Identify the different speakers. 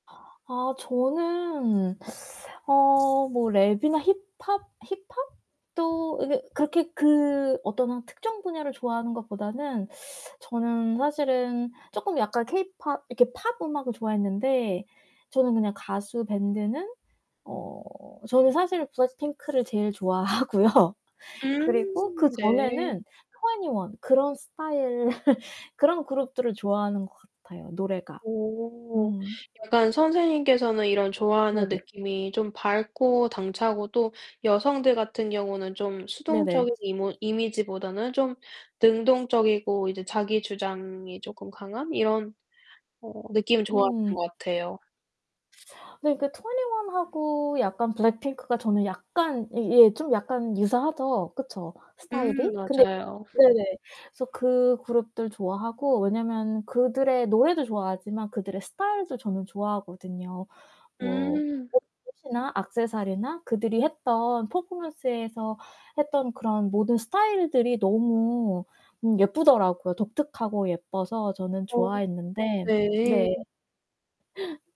Speaker 1: 아 저는 어 뭐 랩이나 힙합, 힙합도 이게 그렇게 그 어떤 한 특정 분야를 좋아하는 것보다는 저는 사실은 쪼끔 약간 케이팝 이렇게 팝 음악을 좋아했는데 저는 그냥 가수 밴드는 어 저는 사실 블랙핑크를 제일 좋아하고요.
Speaker 2: 음.
Speaker 1: 그리고 그
Speaker 2: 네.
Speaker 1: 전에는 2NE1 그런 스타일 그런 그룹들을 좋아하는 것 같아요, 노래가.
Speaker 2: 어.
Speaker 1: 음.
Speaker 2: 약간 선생님께서는 이런 좋아하는
Speaker 1: 네네.
Speaker 2: 느낌이 좀 밝고 당차고 또 여성들 같은 경우는 좀 수동적
Speaker 1: 네네.
Speaker 2: 이모 이미지보다는 좀 능동적이고 이제 자기주장이 쪼끔 강한 이런 어 느낌을 좋아하는
Speaker 1: 음.
Speaker 2: 것 같아요.
Speaker 1: 네. 그 2NE1하고 약간 블랙핑크가 저는 약간 이 예 좀 약간 유사하죠, 그쵸,
Speaker 2: 음,
Speaker 1: 스타일이? 근데
Speaker 2: 맞아요.
Speaker 1: 네네, 그래서 그 그룹들 좋아하고 왜냐하면 그들의 노래도 좋아하지만 그들의 스타일도 저는 좋아하거든요. 뭐
Speaker 2: 음.
Speaker 1: 옷 옷이나 악세서리나 그들이 했던, 퍼포먼스에서 했던 그런 모든 스타일들이 너무 음 예쁘더라고요. 독특하고 예뻐서 저는
Speaker 2: 어.
Speaker 1: 좋아했는데.
Speaker 2: 네.
Speaker 1: 네.